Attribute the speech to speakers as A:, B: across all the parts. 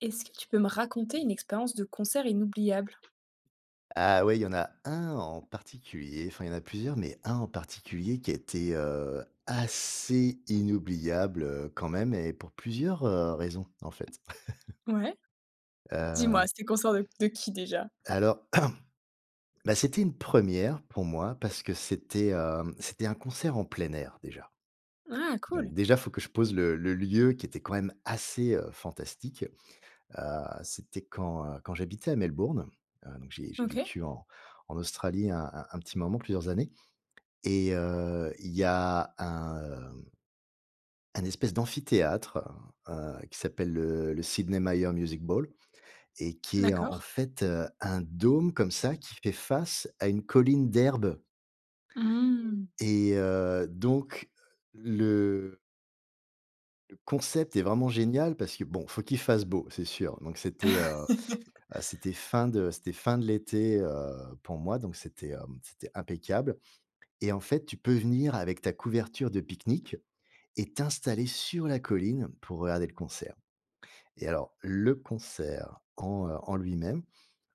A: Est-ce que tu peux me raconter une expérience de concert inoubliable?
B: Ah ouais, il y en a un en particulier, enfin, il y en a plusieurs, mais un en particulier qui a été heu, assez inoubliable heu, quand même et pour plusieurs heu, raisons en fait
A: Ouais. Dis-moi,
B: Heu
A: c'était concert de qui déjà?
B: alors, bah c'était une première pour moi parce que c'était, heu, c'était un concert en plein air déjà.
A: Ah,
B: Donc,
A: cool.
B: déjà, il faut que je pose le le lieu qui était quand même assez heu, fantastique. Heu, c'était quand, heu, quand j'habitais à Melbourne, heu, donc j'ai j'ai
A: OK.
B: vécu en en Australie un un un petit moment, plusieurs années. Et heu, il y a un heu un espèce d'amphithéâtre heu, qui s'appelle le le Sidney Myer Music Bowl, et qui est en
A: D'accord.
B: fait, heu, un dôme comme ça qui fait face à une colline d'herbes
A: Mmh.
B: et heu, donc le le concept est vraiment génial parce que, bon, il faut qu'il fasse beau, c'est sûr. Donc c'était, heu, heu, c'était fin de c'était fin de l'été, heu, pour moi, donc c'était hem, c'était impeccable. Et en fait, tu peux venir avec ta couverture de pique-nique et t'installer sur la colline pour regarder le concert. Et alors, le concert en, heu, en lui-même,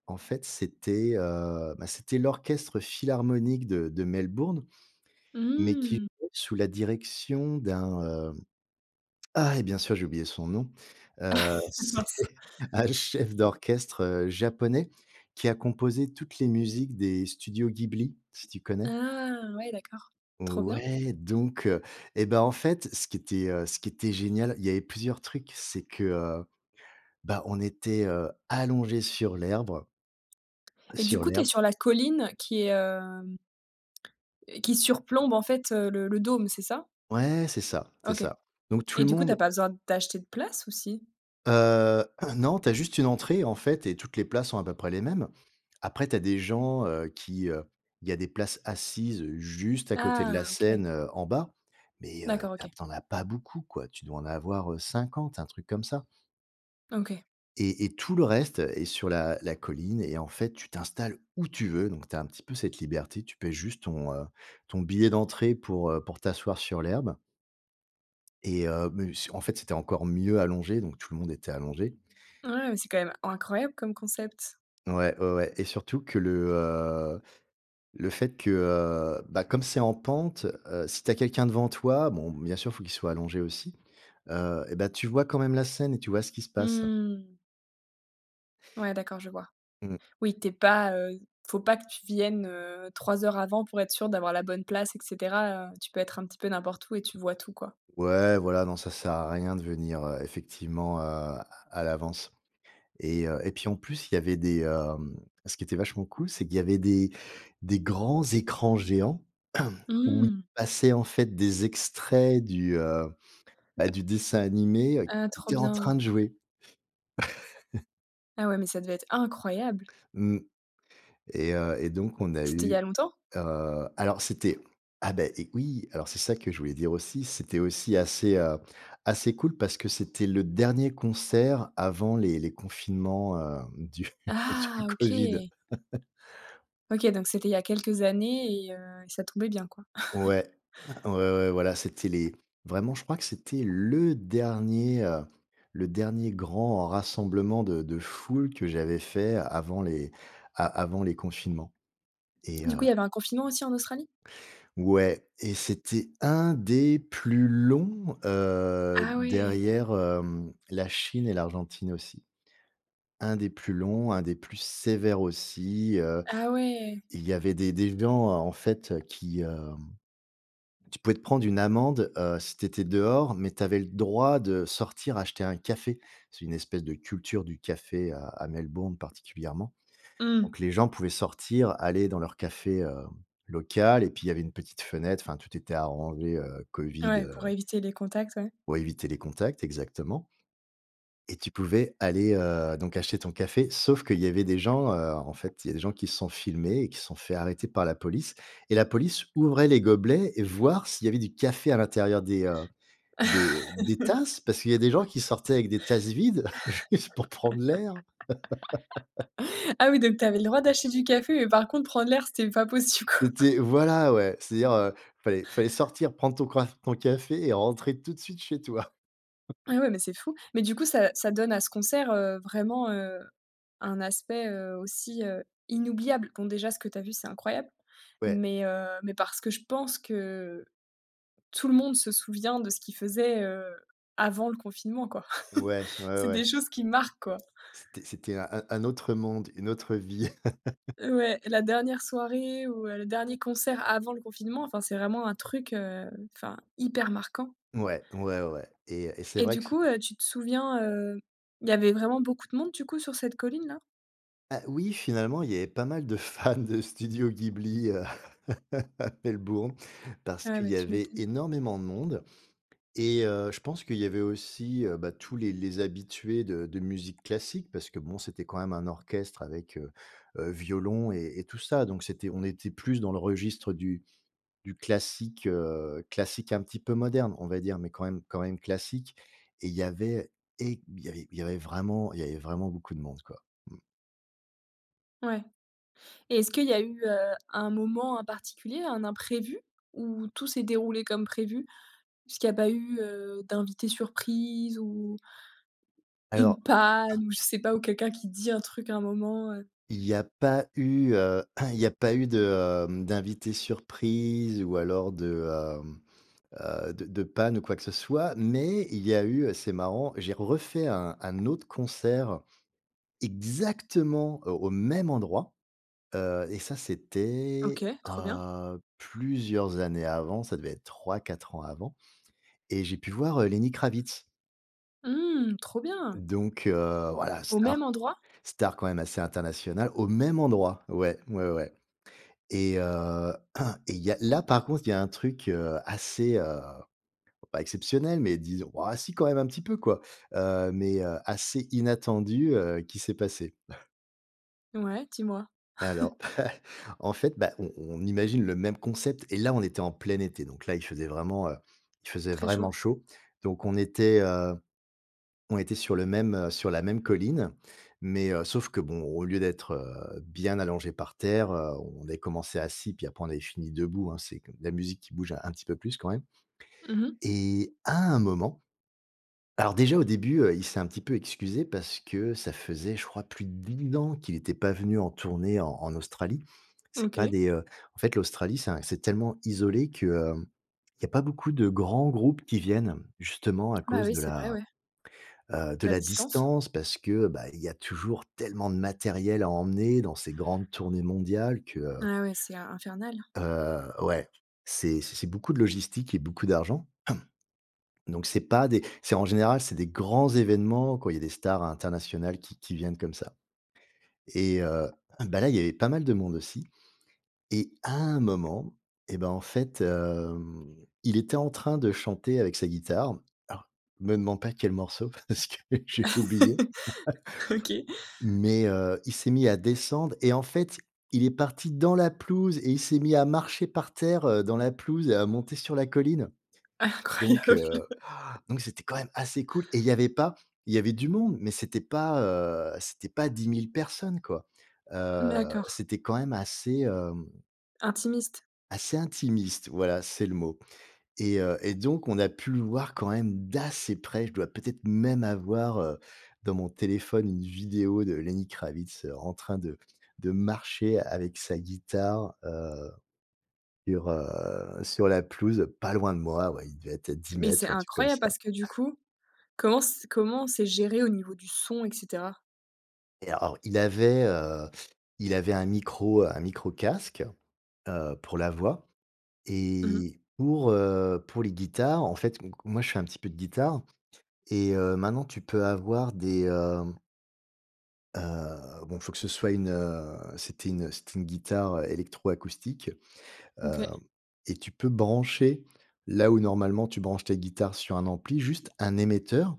B: en fait, c'était, heu, bah, c'était l'orchestre philharmonique de de Melbourne, mais qui
A: Mmh.
B: jouait sous la direction d'un, heu, ah et bien sûr, j'ai oublié son nom. Heu, c'est
A: Mince.
B: un chef d'orchestre heu, Japonais qui a composé toutes les musiques des studios Ghibli, si tu connais?
A: Ah! Ouais d'accord, trop bien.
B: Ouais, donc heu, et ben en fait ce qui était heu, ce qui était génial, il y avait plusieurs trucs, c'est que heu, bah on était heu, allongés sur l'herbe
A: et du
B: sur
A: coup tu es
B: l'herbe
A: sur la colline qui est, hem, qui surplombe en fait heu, le le dôme, c'est ça?
B: Ouais, c'est ça, c'est
A: OK.
B: ça. Donc tout
A: Et
B: le
A: du coup tu as
B: monde
A: pas besoin d'acheter de place, ou si?
B: Heu, non, tu as juste une entrée en fait et toutes les places sont à peu près les mêmes. Après tu as des gens heu, qui, heu, il y a des places assises juste à côté de la
A: Ah OK.
B: scène heu, en bas, mais heu,
A: D'accord
B: tu as
A: OK.
B: tu en as pas beaucoup quoi. Tu dois en avoir heu, 50, un truc comme ça.
A: OK.
B: Et et tout le reste, heu, est sur la la colline et en fait, tu t'installes où tu veux. Donc, tu as un petit peu cette liberté, tu paies juste ton heu, ton billet d'entrée pour heu, pour t'asseoir sur l'herbe et, heu, mais ce en fait c'était encore mieux allongé, donc tout le monde était allongé.
A: Ouais, c'est quand même incroyable comme concept.
B: Ouais, ouais, ouais. Et surtout que le heu, le fait que heu, bah comme c'est en pente, heu, si tu as quelqu'un devant toi, bon bien sûr, il faut qu'il soit allongé aussi. Heu, eh bah tu vois quand même la scène et tu vois ce qui se passe.
A: Mmh. Ouais, d'accord, je vois.
B: Mmh.
A: Oui, tu es pas, heu, il faut pas que tu viennes, heu, 3 heures avant pour être sûr d'avoir la bonne place, et cetera. Heu, tu peux être un petit peu n'importe où et tu vois tout, quoi.
B: Ouais, voilà. Non, ça sert à rien de venir, heu, effectivement, heu, à à l'avance. Et, heu, et puis, en plus, il y avait des, hem, ce qui était vachement cool, c'est qu'il y avait des des grands écrans géants où il
A: Mmh.
B: passait, en fait, des extraits du, heu, bah, du dessin animé, heu,
A: Ah,
B: qu'ils
A: trop
B: étaient en
A: bien.
B: train de jouer.
A: Ah ouais, mais ça devait être incroyable!
B: Mmh, et heu, et donc, on a
A: C'était il y a
B: eu
A: longtemps?
B: heu, alors c'était ah, bah et oui! Alors, c'est ça que je voulais dire aussi, c'était aussi assez, heu, assez cool parce que c'était le dernier concert avant les les confinements, heu, du
A: Ah!
B: du Covid.
A: OK. OK, donc c'était il y a quelques années et heu, et ça tombait bien, quoi.
B: Ouais, ouais ouais, voilà. C'était les vraiment, je crois, que c'était le dernier, heu, le dernier grand rassemblement de de foule que j'avais fait avant les a avant les confinements. Et
A: Du coup, il
B: heu
A: y avait un confinement aussi en Australie?
B: Ouais, et c'était un des plus longs, heu,
A: Ah! Oui.
B: derrière, hem, la Chine et l'Argentine aussi. Un des plus longs, un des plus sévères aussi, heu.
A: Ah! Oui.
B: Il y avait des des gens en fait, qui, heu tu pouvais te prendre une amende, heu, si tu étais dehors, mais tu avais le droit de sortir acheter un café. C'est une espèce de culture du café à à Melbourne, particulièrement.
A: Mmh.
B: Donc les gens pouvaient sortir, aller dans leur café, hem, local, et puis il y avait une petite fenêtre, enfin, tout était arrangé, heu,
A: Ah
B: Covid,
A: ouais,
B: heu
A: pour éviter les contacts, ouais.
B: pour éviter les contacts, exactement. Et tu pouvais aller, heu, donc acheter ton café, sauf qu'il y avait des gens, heu, en fait, il y a des gens qui se sont filmés et qui se sont fait arrêter par la police et la police ouvrait les gobelets et voir s'il y avait du café à l'intérieur des, heu, des des tasses, parce qu'il y a des gens qui sortaient avec des tasses vides juste pour prendre l'air.
A: Ah oui, donc tu avais le droit d'acheter du café, mais par contre, prendre l'air, c'était pas possible, quoi.
B: C'était, voilà, ouais. C'est-à-dire, heu, il fallait fallait sortir, prendre ton croif ton café et rentrer tout de suite chez toi.
A: Et ouais, mais c'est fou. Mais du coup, ça ça donne à ce concert, heu, vraiment, heu, un aspect, heu, aussi, heu, inoubliable. Bon, déjà, ce que tu as vu, c'est incroyable,
B: Ouais.
A: mais, heu, mais parce que je pense que tout le monde se souvient de ce qu'il faisait, heu, avant le confinement quoi.
B: Ouais, ouais
A: C'est des
B: ouais.
A: choses qui marquent, quoi.
B: C'était c'était un un autre monde, une autre vie.
A: Ouais, la dernière soirée ou le dernier concert avant le confinement, enfin c'est vraiment un truc, heu, enfin hyper marquant.
B: Ouais, ouais, ouais, ouais et et c'est
A: Et
B: vrai
A: du
B: que c
A: coup, heu, tu te souviens, heu, il y avait vraiment beaucoup de monde du coup sur cette colline-là?
B: Ah oui, finalement, il y avait pas mal de fans de Studio Ghibli à Melbourne, parce
A: Ah
B: qu'il
A: ouais,
B: y
A: tu
B: avait
A: m'étonnes.
B: énormément de monde. Et, heu, je pense qu'il y avait aussi, heu, bah, tous les les habitués de de musique classique, parce que bon c'était quand même un orchestre avec, heu heu, violon et et tout ça, donc c'était on était plus dans le registre du du classique, heu, classique un petit peu moderne, on va dire, mais quand même quand même classique. Et il y avait é il y avait vraiment il y avait vraiment beaucoup de monde, quoi, mmh.
A: Ouais. Et est-ce qu'il y a eu, heu, un moment en particulier, un imprévu ou tout s'est déroulé comme prévu? Est-ce qu’il y a pas eu, heu, d'invité surprise, ou une
B: Alors
A: panne, ou je sais pas, ou quelqu'un qui dit un truc à un moment, heu?
B: il y a pas eu, heu, il y a pas eu de, heu, d'invités surprise, ou alors de, hem, heu, de de panne ou quoi que ce soit, mais il y a eu, heu, c'est marrant: j'ai refait un un autre concert exactement, heu, au même endroit. Heu, et ça,
A: OK,
B: c'était,
A: trop bien.
B: heu, plusieurs années avant, ça devait être 3-4 ans avant et j'ai pu voir, heu, Lenny Kravitz.
A: Mmh. Trop bien.
B: Donc, heu, voilà,
A: Au même
B: star,
A: endroit?
B: star quand même assez internationale. Au même endroit. Ouais, ouais, ouais. Et, heu, et il y a, là, par contre il y a un truc, heu, assez, heu pas exceptionnel, mais disons ouais si quand même un petit peu quoi, heu, mais, heu, assez inattendu, heu, qui s'est passé.
A: Ouais, dis-moi.
B: Alors, en fait, bah, on on imagine le même concept et là on était en plein été, donc là il faisait vraiment, heu, il faisait
A: Très chaud.
B: vraiment chaud. Donc on était, heu, on était sur le même, heu sur la même colline, Mais, heu, sauf que bon, au lieu d'être, heu, bien allongés par terre, heu, on avait commencé assis, puis après on avait fini debout, hein. C'est de la musique qui bouge un petit peu plus quand même.
A: Mmh mh.
B: Et à un moment alors déjà au début, heu, il s'est un petit peu excusé parce que ça faisait, je crois, plus de [unintelligible] ans qu'il était pas venu en tournée en en Australie. C'est pas
A: OK.
B: des, heu en fait, l'Australie, c'est un c'est tellement isolé que, heu, il y a pas beaucoup de grands groupes qui viennent. Justement à
A: Bah,
B: cause
A: oui,
B: de
A: c'est vrai,
B: la,
A: ouais.
B: heu, de
A: La
B: la
A: distance.
B: distance. Parce que, bah, il y a toujours tellement de matériel à emmener dans ces grandes tournées mondiales que, heu
A: Ah ouais, c'est in infernal.
B: Heu ouais, c'est c'est c'est beaucoup de logistique et beaucoup d'argent. Donc c'est pas des c'est en général, c'est des grands événements quand il y a des stars internationales qui qui viennent comme ça. Et heu, bah, là, il y avait pas mal de monde aussi. Et à un moment, et bah, en fait, hem, il était en train de chanter avec sa guitare. Alors, me demande pas quel morceau parce que j'ai oublié,
A: OK.
B: mais, heu, il s'est mis à descendre. Et en fait, il est parti dans la pelouse et il s'est mis à marcher par terre, heu, dans la pelouse et à monter sur la colline. Donc,
A: Incroyable
B: heu, donc c'était quand même assez cool et il y avait pas il y avait du monde, mais c'était pas, heu, c'était pas 10000 personnes, quoi. Heu,
A: D'accord.
B: c'était quand même assez, hem
A: Intimiste?
B: assez intimiste. Voilà, c'est le mot. Et heu, et donc, on a pu le voir quand même d'assez près. Je dois peut-être même avoir, heu, dans mon téléphone, une vidéo de Lenny Kravitz, heu, en train de de marcher avec sa guitare, heu, sur, heu, sur la pelouse, pas loin de moi, ouais. Il devait être à dix
A: Mais c'est
B: mètres ou un truc comme
A: incroyable
B: ça.
A: parce que du coup, comment c comment c'est géré au niveau du son et cetera?
B: Et alors il avait, heu, il avait un micro, heu, un micro casque, heu, pour la voix.
A: Mmh mh.
B: Et pour, heu, pour les guitares, en fait donc moi, je fais un petit peu de guitare. Et, heu, maintenant tu peux avoir des, hem heu, bon, faut que ce soit une, heu, c'était une, heu, c'était guitare, heu, électroacoustique. Hem,
A: OK.
B: et tu peux brancher là où normalement tu branches tes guitares sur un ampli, juste un émetteur.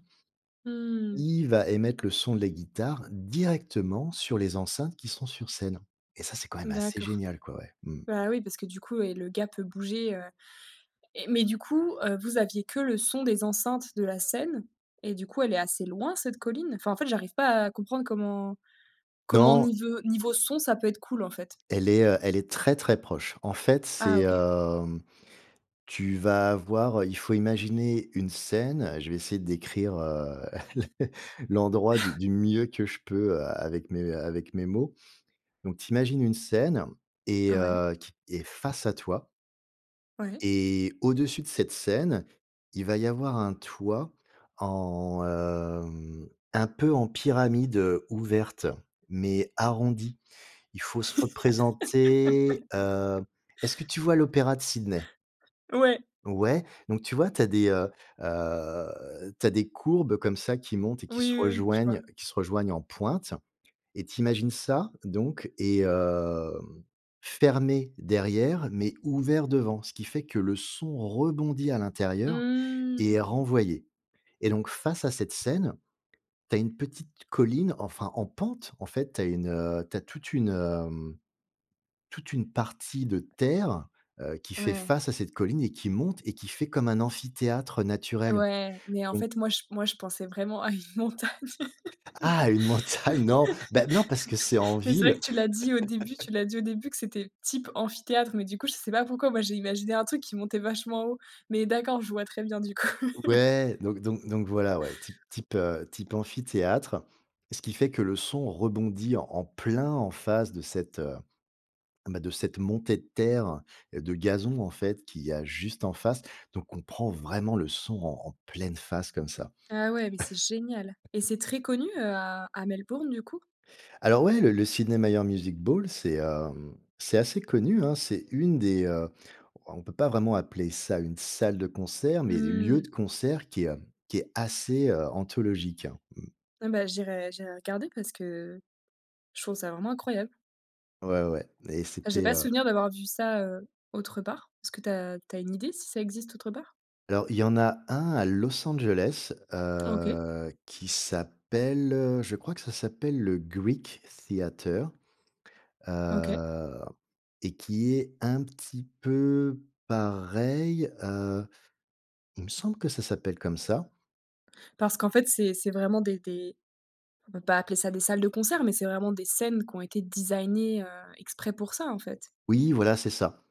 A: Mmh.
B: Il va émettre le son de la guitare directement sur les enceintes qui sont sur scène. Et ça, c'est quand même assez
A: D'accord.
B: génial, quoi. Ouais, mmh.
A: Bah, oui parce que du coup et le gars peut bouger, heu et mais du coup, heu, vous aviez que le son des enceintes de la scène et du coup elle est assez loin cette colline? Enfin en fait j'arrive pas à comprendre comment comment
B: Non.
A: nive niveau son, ça peut être cool en fait?
B: Elle est, heu, elle est très, très proche. En fait, c'est,
A: Ah OK.
B: hem, tu vas avoir, heu, il faut imaginer une scène. Je vais essayer de décrire, heu, l'endroit du du mieux que je peux a avec mes avec mes mots. Donc, tu imagines une scène et,
A: Ouais.
B: heu, qui est face à toi.
A: Ouais.
B: Et au-dessus de cette scène, il va y avoir un toit en, hem, un peu en pyramide, heu, ouverte mais arrondie. Il faut se représenter, heu est-ce que tu vois l'opéra de Sydney?
A: Ouais.
B: Ouais, donc tu vois, tu as des, heu, heu, tu as des courbes comme ça qui montent et qui se
A: Oui, oui, oui, je vois.
B: rejoignent qui se rejoignent en pointe. Et tu imagines ça, donc et heu, fermé derrière mais ouvert devant, ce qui fait que le son rebondit à l'intérieur et est
A: Mmh.
B: renvoyé et donc, face à cette scène, tu as une petite colline, enfin en pente. En fait, tu as une, heu, tu as toute une, heu, mmh, toute une partie de terre, heu, qui fait
A: Ouais.
B: face à cette colline et qui monte et qui fait comme un amphithéâtre naturel,
A: Ouais, mais, en
B: donc
A: fait, moi j moi je pensais vraiment à une montagne.
B: Ah une
A: Ouais.
B: montagne, non, bah, non parce que c'est en
A: Mais c'est vrai
B: ville.
A: que tu l'as dit au début tu l'as dit au début que c'était type amphithéâtre mais du coup, je sais pas pourquoi, moi j'ai imaginé un truc qui montait vachement haut, mais d'accord, je vois très bien du coup.
B: Ouais, donc donc donc voilà, ouais, type type, heu, type amphithéâtre. Ce qui fait que le son rebondit en en plein en face de cette, heu, bah, de cette montée de terre de gazon, en fait, qu'il y a juste en face donc on prend vraiment le son en en pleine face comme ça.
A: Ah ouais, mais c'est génial et c'est très connu, heu, à à Melbourne, du coup?
B: Alors ouais, le le Sydney Myer Music Bowl, c'est, hem, c'est assez connu, hein. C'est une des, heu on peut pas vraiment appeler ça une salle de concert, mais des lieux
A: Mmh.
B: de concert qui, heu, qui est assez, heu, anthologique. Mmh.
A: Ah ben, j'irai j'irai regarder parce que, je trouve ça vraiment incroyable.
B: Ouais, ouais, et
A: Bah, j'ai
B: c'était,
A: pas
B: heu
A: souvenir d'avoir vu ça, heu, autre part. Est-ce que tu as tu as une idée, si ça existe autre part?
B: Alors, il y en a 1 à Los Angeles,
A: OK.
B: heu, qui s’appelle je crois que ça s'appelle le Greek Theater.
A: OK.
B: Heu, et qui est un petit peu pareil. Heu, il me semble que ça s'appelle comme ça.
A: Parce qu'en fait c'est c'est vraiment des des on peut pas appeler ça des salles de concert, mais c'est vraiment des scènes, qui ont été designées, heu, exprès pour ça, en fait?
B: Oui, voilà, c'est ça.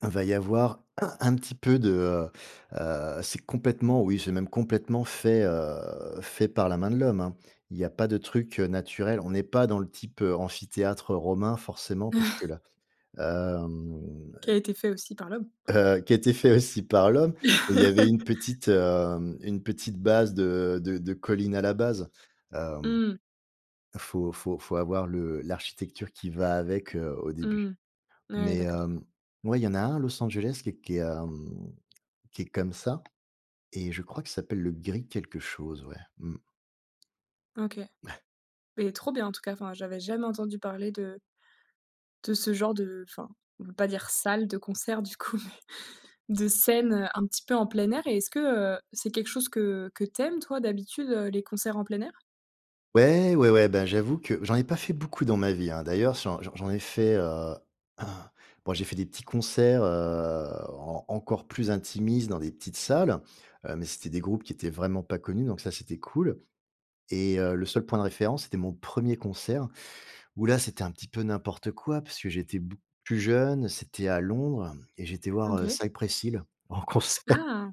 B: Va y avoir un petit peu de, heu, heu c'est complètement, oui, c'est même complètement fait, heu, fait par la main de l'Homme, hein. Il y a pas de trucs, heu, naturels. On n'est pas dans le type amphithéâtre romain, forcément, parce que là, hem,
A: Qui a été fait aussi par l'Homme.
B: heu, qui a été fait aussi par l'Homme. Et, il y avait une petite, heu, une petite base de de de collines à la base, hem.
A: Mmh.
B: Faut faut faut avoir le l'architecture qui va avec, heu, au début.
A: Mmh, ouais,
B: Mais,
A: d'accord.
B: hem, ouais, il y en a un Los Angeles qui qui est, hem, qui est comme ça. Et je crois qu'il s'appelle le Greek quelque chose, ouais. Mmh.
A: OK. Et, trop bien en tout cas, enfin, j'avais jamais entendu parler de de ce genre de enfin, on peut pas dire salle de concert du coup, mais, de scène, heu, un petit peu en plein air. Et, est-ce que, heu, c'est quelque chose que que tu aimes toi, d'habitude, heu, les concerts en plein air?
B: Ouais, ouais, ouais. Ben, j'avoue que, j'en ai pas fait beaucoup dans ma vie, hein. D'ailleurs, j'en j'en j'en ai fait, heu bon, j'ai fait des petits concerts, heu, en encore plus intimistes, dans des petites salles. Heu, mais c'était des groupes qui étaient vraiment pas connus. Donc ça, c'était cool. Et heu, le seul point de référence, c'était mon 1er concert, où, là, c'était un petit peu n'importe quoi, parce que j'étais beaucoup plus jeune. C'était à Londres et j'ai été
A: Mmh
B: voir, heu,
A: OK.
B: Cypress Hill, en concert.
A: Ah!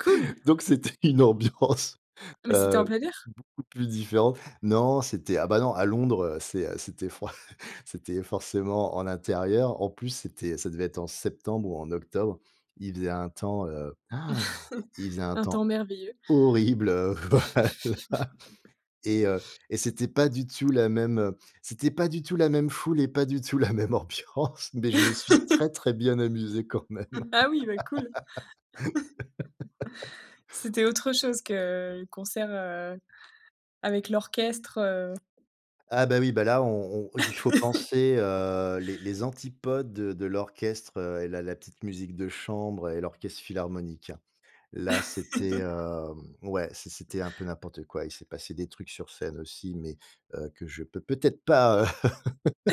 A: Cool!
B: Donc, c'était une ambiance,
A: Ah, mais, c'était en
B: heu,
A: plein air?
B: beaucoup plus différente. Non, c'était ah bah, non, à Londres. Heu, c'est c'était fran c'était forcément en intérieur. En plus c'était ça devait être en septembre ou en octobre. Il faisait un temps, heu, han! Il faisait un
A: Un
B: temps
A: temps merveilleux.
B: horrible, voilà. Et heu, et c'était pas du tout, la même, heu, c'était pas du tout la même foule et pas du tout la même ambiance! Mais, je me suis très, très bien amusé quand même!
A: Ah oui! Bah cool! C'était autre chose que le concert, heu, avec l'orchestre, heu
B: Ah, bah, oui. Bah là on on il faut penser, heu, les les antipodes, heu, de l'orchestre, heu et la la petite musique de chambre, et l'orchestre philharmonique, hein. Là, c'était, hem, ouais, c'est c'était un peu n'importe quoi. Il s'est passé des trucs sur scène aussi, mais, heu, que je peux peut-être pas, heu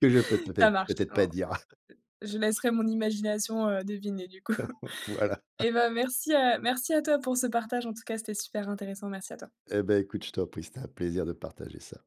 B: que je peux,
A: Ça
B: peut-être
A: marche,
B: peut-être pas
A: en
B: dire.
A: je laisserai mon imagination, heu, deviner du coup!
B: Voilà.
A: Et bah, merci, heu, merci à toi pour ce partage. En tout cas, c'était super intéressant. Merci à toi!
B: Et bah, écoute, je t'en prie. C'était un plaisir de partager ça.